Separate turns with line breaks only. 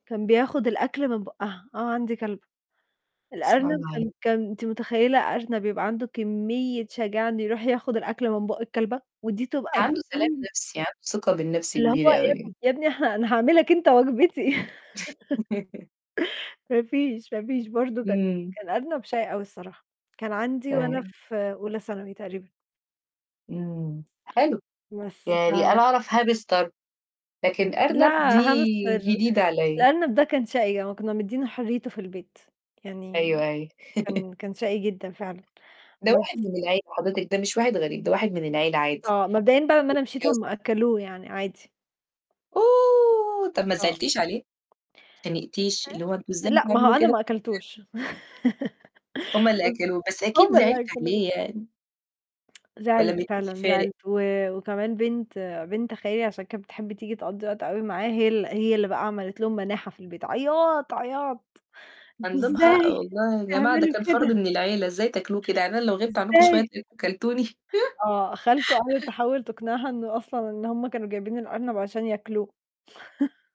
كان بياخُد الأكل من بوقّها آه، عندي كلبة. الأرنب
[unintelligible]
كان كان أنتِ متخيّلة أرنب يبقى عنده كمّية شجاعة إنه يروح ياخُد الأكل من بوق الكلبة ودي تبقى
عنده سلام
[unintelligible]
نَفْسي عنده ثقة بالنَفْس
اللي هو
كبيرة
يا ابني
أوي.
يا ابني ه أنا هاعملك أنت وجبتي. ما فيش ما فيش برضه كان
إمم.
كان أرنب شقي أوي الصراحة. كان عندي وأنا
[unintelligible]
في أولى ثانوي تقريبًا.
إمم، حلو،
بس ف
يعني أنا أعرف هاميستر، لكن
لأ،
أرنب دي
هاميستر
جديدة عليّا.
الأرنب ده كان شقي، آه، كنا مدّيينه حريّته في البيت يعني
أيوه،
م
أي
كان كان شقي جدًا فعلًا
ده واحد
بس
من العيلة حضرتِك، ده مش واحد غريب، ده واحد من العيلة عادي،
آه، مبدئيًا بعد لما
البيت
أنا
بيتك
مشيت
يا
هم
أسطى.
أكلوه يعني عادي.
أوه! طَب ما
أه.
زعلتيش عليه؟ ما أتخانقتيش،
آآ
اللي هو أنتم
آآ
إزاي
لأ، ما هو
بتعملوا
أنا
كده
ما أكلتوش
[unintelligible] هم اللي
[unintelligible]
أكلوه بس أكيد
هم
زعلتِ
اللي أكلوه.
عليه يعني. والّا
زعلت،
ما كانش
فعلًا
فارق؟
زعلت و وكمان بنت بنت خالي عشان كانت بتحب تيجي تقضّي وقت أوي معاه هي ال هي اللي بقى عملت لهم مناحَة في البيت عياط، عياط "أنتم
هنلومها أ
إزاي
والله يا جماعة ده
تعملوا
كان فرض
كده؟"
من العيلة، إزاي تاكلوه كده، يعني أنا لو غِبت عنكم شوية
إزاي؟
هتلاقيكم كلتوني؟
آه، خالته قعدت تحاول تقنعها إنه أصلًا إن هم كانوا جايبين الأرنب عشان ياكله.